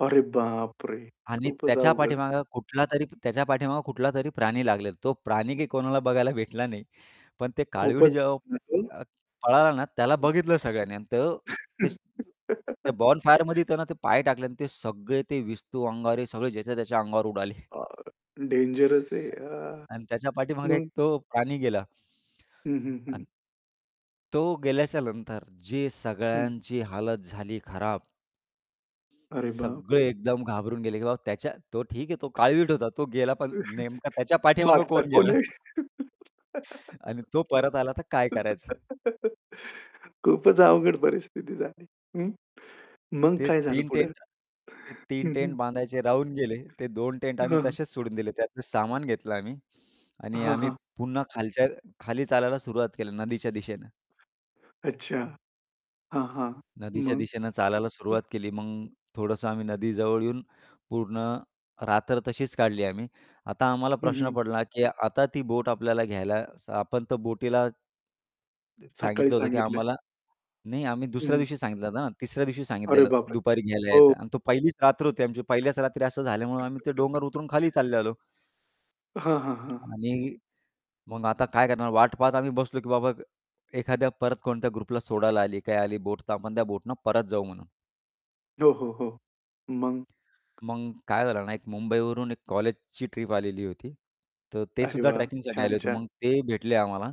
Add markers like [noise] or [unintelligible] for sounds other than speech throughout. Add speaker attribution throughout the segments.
Speaker 1: अरे बापरे!
Speaker 2: आणि
Speaker 1: खूपच
Speaker 2: त्याच्या
Speaker 1: अवघड आहे.
Speaker 2: पाठीमागे कुठलातरी त्याच्या पाठीमागे कुठलातरी प्राणी लागलेला. तो प्राणी काय कोणाला बघायला भेटला नाही. पण ते काळवीट
Speaker 1: खूपच
Speaker 2: जेव्हा
Speaker 1: [unintelligible]
Speaker 2: अ, पळाला ना त्याला
Speaker 1: हं.
Speaker 2: बघितलं सगळ्यांनी अन् तर ते त्या बोनफायरमध्ये
Speaker 1: [laughs]
Speaker 2: त्यांना ते पाय टाकले आणि ते सगळे ते विस्तू अंगावर सगळे ज्याच्या त्याच्या अंगावर उडाले.
Speaker 1: अ, डेंजरस आहे. अ,
Speaker 2: आणि त्याच्या पाठीमागे एक
Speaker 1: मग?
Speaker 2: तो प्राणी गेला.
Speaker 1: हं, हं, हं.
Speaker 2: अन् तो गेल्याच्या नंतर जी
Speaker 1: हं.
Speaker 2: सगळ्यांची हालत झाली खराब.
Speaker 1: अरे,
Speaker 2: सगळे
Speaker 1: बापरे!
Speaker 2: एकदम घाबरून गेले की बाबा त्याच्या तो ठीक आहे तो काळवीट होता. तो गेला पण नेमकं त्याच्या
Speaker 1: [laughs]
Speaker 2: पाठीमागे
Speaker 1: मागचा
Speaker 2: कोण
Speaker 1: कोण
Speaker 2: गेला?
Speaker 1: आहे?
Speaker 2: आणि तो परत आला तर काय करायचं?
Speaker 1: [laughs] खूपच अवघड परिस्थिती झाली. हं, मग
Speaker 2: ते
Speaker 1: काय झालं
Speaker 2: 3
Speaker 1: पुढं?
Speaker 2: टेंट ते 3
Speaker 1: हं, हं.
Speaker 2: टेंट बांधायचे राहून गेले ते 2 टेंट
Speaker 1: हं,
Speaker 2: आम्ही
Speaker 1: हं.
Speaker 2: तसेच सोडून दिले त्यातलं सामान घेतलं आम्ही आणि
Speaker 1: हां,
Speaker 2: आम्ही
Speaker 1: हां.
Speaker 2: पुन्हा खालच्या खाली चालायला सुरुवात केली नदीच्या दिशेनं.
Speaker 1: अच्छा. हां, हां,
Speaker 2: नदीच्या
Speaker 1: मग?
Speaker 2: दिशेनं चालायला
Speaker 1: हं.
Speaker 2: सुरुवात केली मग थोडंसं आम्ही नदीजवळ येऊन पूर्ण रात्र तशीच काढली आम्ही. आता आम्हाला
Speaker 1: हं,
Speaker 2: प्रश्न
Speaker 1: हं.
Speaker 2: पडला की आता ती बोट आपल्याला घ्यायला स आपण तर बोटीला त
Speaker 1: सकाळी
Speaker 2: सांगितलं होतं, की
Speaker 1: सांगितले.
Speaker 2: आम्हाला नाही, आम्ही
Speaker 1: हं,
Speaker 2: दुसऱ्या
Speaker 1: हं.
Speaker 2: दिवशी सांगितलं ना, तिसऱ्या दिवशी
Speaker 1: अरे,
Speaker 2: सांगितलेलं
Speaker 1: बापरे!
Speaker 2: दुपारी घ्यायला
Speaker 1: हो.
Speaker 2: यायचं अन् तो पहिलीच रात्र होती. आमची पहिल्याच रात्री असं झाल्यामुळे आम्ही ते डोंगर उतरून खाली चालत
Speaker 1: [laughs]
Speaker 2: आलो.
Speaker 1: हां, हां, हां.
Speaker 2: आम्ही मग आता काय करणार? वाट पाहत आम्ही बसलो की बाबा एखाद्या परत कोणत्या ग्रुपला सोडायला आली, काही आली बोट तर आपण त्या बोटीने परत जाऊ म्हणून.
Speaker 1: हो, हो, हो. मग?
Speaker 2: मग काय झालं ना, एक मुंबईवरून एक कॉलेजची ट्रिप आलेली होती. तर ते
Speaker 1: अरे
Speaker 2: सुद्धा
Speaker 1: वाह!
Speaker 2: ट्रॅकिंगसाठी आले
Speaker 1: छान,
Speaker 2: होते.
Speaker 1: छान.
Speaker 2: मग ते भेटले आम्हाला.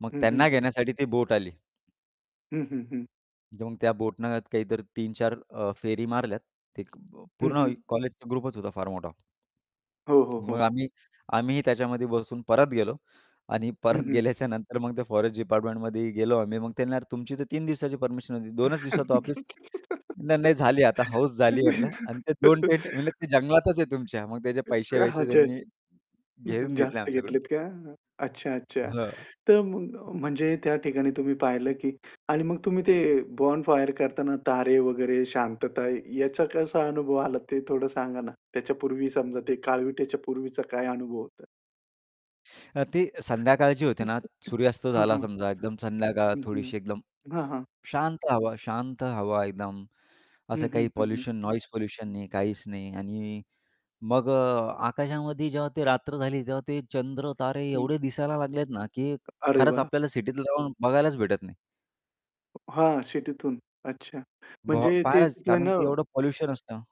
Speaker 2: मग
Speaker 1: हं, हं.
Speaker 2: त्यांना घेण्यासाठी ती बोट आली.
Speaker 1: हं, हं, हं.
Speaker 2: मग त्या बोटीने काहीतरी 3-4 अ, फेरी मारल्यात. ते
Speaker 1: हं,
Speaker 2: पूर्ण
Speaker 1: हं.
Speaker 2: कॉलेजचा ग्रुपच होता फार मोठा.
Speaker 1: हो, हो,
Speaker 2: मग
Speaker 1: हो.
Speaker 2: आम्ही आम्हीही त्याच्यामध्ये बसून परत गेलो आणि
Speaker 1: हं,
Speaker 2: परत
Speaker 1: हं.
Speaker 2: गेल्याच्यानंतर मग ते फॉरेस्ट डिपार्टमेंटमध्ये गेलो आम्ही. मग ते म्हणाले, तुमची तर 3 दिवसाची परमिशन होती. 2च दिवसात वापीस? नाही, नाही, झाली आता हौस झाली म्हटलं. अन् ते 2 टेंट म्हटले ते
Speaker 1: [laughs]
Speaker 2: जंगलातच आहे तुमच्या. मग त्याचे
Speaker 1: एक ह्या
Speaker 2: पैसे-वसे
Speaker 1: ह्याच्या ह्याच्यात.
Speaker 2: त्यांनी
Speaker 1: हं, हं.
Speaker 2: घेऊन घेतले
Speaker 1: जास्त
Speaker 2: आमच्याकडून.
Speaker 1: घेतलेत का? अ, अच्छा, अच्छा.
Speaker 2: हं.
Speaker 1: तर मग म्हणजे त्या ठिकाणी तुम्ही पाहिलं की आणि मग तुम्ही ते बोनफायर करताना तारे वगैरे, शांतता याचा कसा अनुभव आला ते थोडं सांगा ना? त्याच्या पूर्वी समजा ते काळविट्याच्या पूर्वीचा काय अनुभव होता?
Speaker 2: त्यात ती संध्याकाळची होती ना.
Speaker 1: [laughs]
Speaker 2: सूर्यास्त
Speaker 1: हां,
Speaker 2: झाला
Speaker 1: हां.
Speaker 2: समजा, एकदम संध्याकाळ
Speaker 1: हं, हं.
Speaker 2: थोडीशी, एकदम
Speaker 1: हां, हां.
Speaker 2: शांत हवा शांत हवा. एकदम असं
Speaker 1: हं, हं,
Speaker 2: काही
Speaker 1: हं, हं.
Speaker 2: पोल्युशन, नॉईज पोल्युशन नाही, काहीच नाही. आणि मग अ, आकाशामध्ये जेव्हा ती रात्र झाली तेव्हा ते चंद्र-तारे
Speaker 1: हं.
Speaker 2: एवढे दिसायला लागलेत ना, की
Speaker 1: अरे
Speaker 2: खरंच
Speaker 1: वाह!
Speaker 2: आपल्याला सिटीत राहून बघायलाच भेटत नाही.
Speaker 1: हां, सिटीतून अच्छा.
Speaker 2: ब
Speaker 1: म्हणजे ते
Speaker 2: पहायलाच
Speaker 1: तिथं
Speaker 2: कारण ते
Speaker 1: ना
Speaker 2: एवढं पोल्युशन असतं.